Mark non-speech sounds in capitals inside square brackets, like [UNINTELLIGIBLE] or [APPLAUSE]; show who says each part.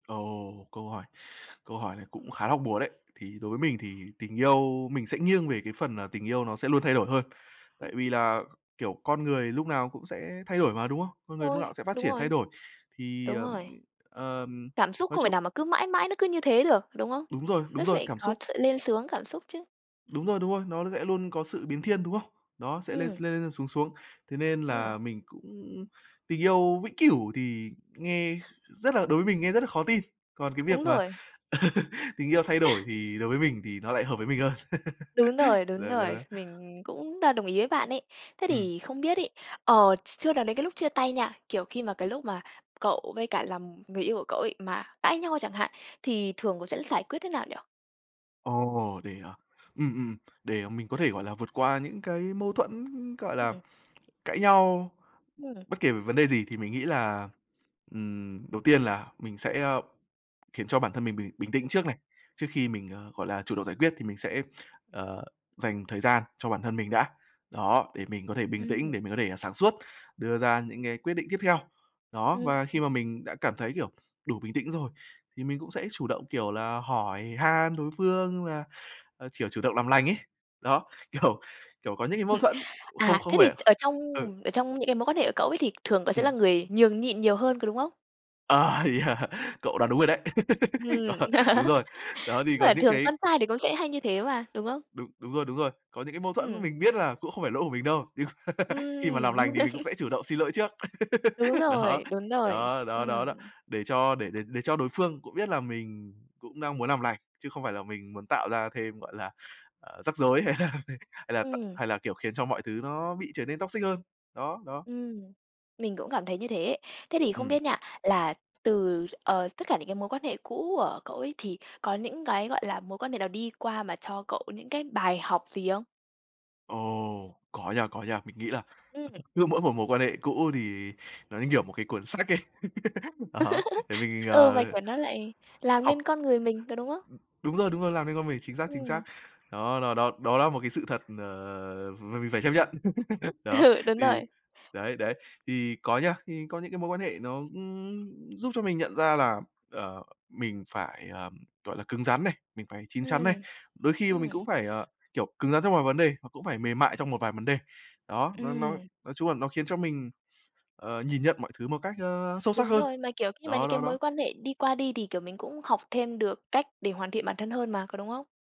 Speaker 1: Ồ, câu hỏi câu hỏi này cũng khá hóc búa đấy. Thì đối với mình thì tình yêu mình sẽ nghiêng về cái phần, à, tình yêu nó sẽ luôn thay đổi hơn.
Speaker 2: Ưm.
Speaker 1: Tại vì là, kiểu, con người lúc nào cũng sẽ thay đổi mà, đúng không? Con người lúc nào
Speaker 2: Ôi,
Speaker 1: sẽ phát
Speaker 2: đúng
Speaker 1: triển, thay
Speaker 2: rồi.
Speaker 1: đổi. Thì,
Speaker 2: Đúng
Speaker 1: ờm,
Speaker 2: rồi.
Speaker 1: ừm, ờm,
Speaker 2: Cảm xúc
Speaker 1: nói
Speaker 2: không thể
Speaker 1: chung
Speaker 2: nào mà cứ mãi mãi nó cứ như thế được, đúng không?
Speaker 1: Đúng rồi,
Speaker 2: Nó
Speaker 1: đúng rồi,
Speaker 2: phải
Speaker 1: cảm
Speaker 2: có
Speaker 1: xúc.
Speaker 2: sự lên xuống cảm xúc chứ.
Speaker 1: Đúng rồi, đúng rồi, nó sẽ luôn có sự biến thiên, đúng không? Đó, sẽ lên s
Speaker 2: Ừm.
Speaker 1: lên lên xuống xuống. Thế nên
Speaker 2: Ừm.
Speaker 1: là mình cũng tình yêu vĩnh cửu thì nghe kh rất là đối với mình nghe rất là khó tin. Còn cái
Speaker 2: Đúng
Speaker 1: việc mà
Speaker 2: rồi.
Speaker 1: [LAUGHS] tình yêu
Speaker 2: [CHUCKLES]
Speaker 1: thay đổi thì đối với mình thì nó lại hợp với mình hơn.
Speaker 2: Đúng rồi,
Speaker 1: [LAUGHS]
Speaker 2: đúng
Speaker 1: Đó, đó,
Speaker 2: rồi.
Speaker 1: đó.
Speaker 2: Mình cũng đ đồng ý với bạn ấy. Thế
Speaker 1: Ừm.
Speaker 2: thì không biết ấy, ờ, s chưa nói đến cái lúc chia tay nha, kiểu, khi mà cái lúc mà cậu với cả làm người yêu của cậu ấy mà cãi nhau chẳng hạn, thì thường cậu sẽ giải quyết thế nào nhỉ?
Speaker 1: Ồ, để, à, ừm, ừm, để, à, mình có thể, gọi là, vượt qua những cái mâu thuẫn, gọi là,
Speaker 2: Ừm.
Speaker 1: cãi nhau,
Speaker 2: Ừm.
Speaker 1: bất kể về vấn đề gì thì mình nghĩ là, ừm, đầu tiên là mình sẽ, ơ, khiến cho bản thân mình bình bình tĩnh trước này, trước khi mình, ờ, gọi là, chủ động giải quyết thì mình sẽ, ờ, dành thời gian cho bản thân mình đã. Đó, để mình có thể bình tĩnh,
Speaker 2: Ừm.
Speaker 1: để mình có thể sáng suốt, đưa ra những cái quyết định tiếp theo. Đó,
Speaker 2: Ưm,
Speaker 1: và khi
Speaker 2: ừm.
Speaker 1: mà mình đã cảm thấy, kiểu, đủ bình tĩnh rồi, thì mình cũng sẽ chủ động, kiểu là, hỏi han đối phương là, ờ, chiểu, chủ động làm lành ấy. Đó, kiểu kiểu, có những cái mâu
Speaker 2: [CHUCKLES]
Speaker 1: thuẫn, cũng không
Speaker 2: À,
Speaker 1: không
Speaker 2: thế thì
Speaker 1: phải
Speaker 2: ở trong
Speaker 1: ừ.
Speaker 2: ở trong những cái mối quan hệ của cậu ấy thì thường cậu sẽ
Speaker 1: Ừm.
Speaker 2: là người nhường nhịn nhiều hơn, có đúng không?
Speaker 1: Ờ, yeah! Cậu đoán đúng rồi đấy. [LAUGHS]
Speaker 2: Ừm.
Speaker 1: Cậu đúng
Speaker 2: [LAUGHS]
Speaker 1: rồi, đó thì có
Speaker 2: Mà
Speaker 1: những
Speaker 2: thường
Speaker 1: cái
Speaker 2: con trai thì cũng sẽ hay như thế mà, đúng không?
Speaker 1: Đúng, đúng rồi, đúng rồi. Có những cái mâu thuẫn
Speaker 2: Ừm.
Speaker 1: mình biết là cũng không phải lỗi của mình đâu, nhưng [LAUGHS] khi mà làm
Speaker 2: Ừm.
Speaker 1: lành thì mình cũng
Speaker 2: [LAUGHS]
Speaker 1: sẽ chủ động xin lỗi trước.
Speaker 2: Đúng
Speaker 1: [LAUGHS] Đó,
Speaker 2: rồi, đúng rồi,
Speaker 1: đó, đó,
Speaker 2: ừm.
Speaker 1: đó, đó. Để cho để để để cho đối phương cũng biết là mình cũng đang muốn làm lành, chứ không phải là mình muốn tạo ra thêm, gọi là, ờ, rắc rối hay là [UNINTELLIGIBLE] hay là t
Speaker 2: Ừm.
Speaker 1: hay là, kiểu, khiến cho mọi thứ nó bị trở nên toxic hơn. Đó, đó.
Speaker 2: Ừm, mình cũng cảm thấy như thế. Thế thì không
Speaker 1: Ừm.
Speaker 2: biết nha, là từ, ờ, tất cả những cái mối quan hệ cũ của cậu ấy thì có những cái, gọi là, mối quan hệ nào đi qua mà cho cậu những cái bài học gì không?
Speaker 1: Ồ, có nha, có nha. Mình nghĩ là
Speaker 2: Ừm.
Speaker 1: cứ mỗi một mối quan hệ cũ thì nó như, kiểu, một cái cuốn sách ấy. [LAUGHS] đó, để mình,
Speaker 2: [LAUGHS] Ừ, và,
Speaker 1: ờ,
Speaker 2: kiểu, nó lại làm
Speaker 1: học
Speaker 2: nên
Speaker 1: ừm,
Speaker 2: con người mình, có đúng không?
Speaker 1: đúng rồi, đúng rồi, làm nên con mình, chính xác, chính
Speaker 2: Ừm.
Speaker 1: xác. Đó, đó, đó, đó là một cái sự thật, n mà mình phải chấp nhận. [LAUGHS] Đó,
Speaker 2: Ừ, đúng
Speaker 1: thì
Speaker 2: rồi.
Speaker 1: đấy, đấy. Thì có nha, thì có những cái mối quan hệ nó, ừm, giúp cho mình nhận ra là, ờ, mình phải, ờm, gọi là, cứng rắn này, mình phải chín chắn này.
Speaker 2: Ừm.
Speaker 1: Đôi khi mà mình
Speaker 2: Ừm.
Speaker 1: cũng phải, ờ, kiểu, cứng rắn trong vài vấn đề và cũng phải mềm mại trong một vài vấn đề. Đó, nó nó
Speaker 2: Ừm.
Speaker 1: nói chung là nó khiến cho mình, ờ, nhìn nhận mọi thứ một cách, ơ, sâu sắc
Speaker 2: Đúng
Speaker 1: hơn.
Speaker 2: rồi, mà, kiểu, khi mà những
Speaker 1: Đó,
Speaker 2: cái
Speaker 1: đó,
Speaker 2: mối
Speaker 1: đó.
Speaker 2: quan hệ đi qua đi thì, kiểu, mình cũng học thêm được cách để hoàn thiện bản thân hơn mà, có đúng không?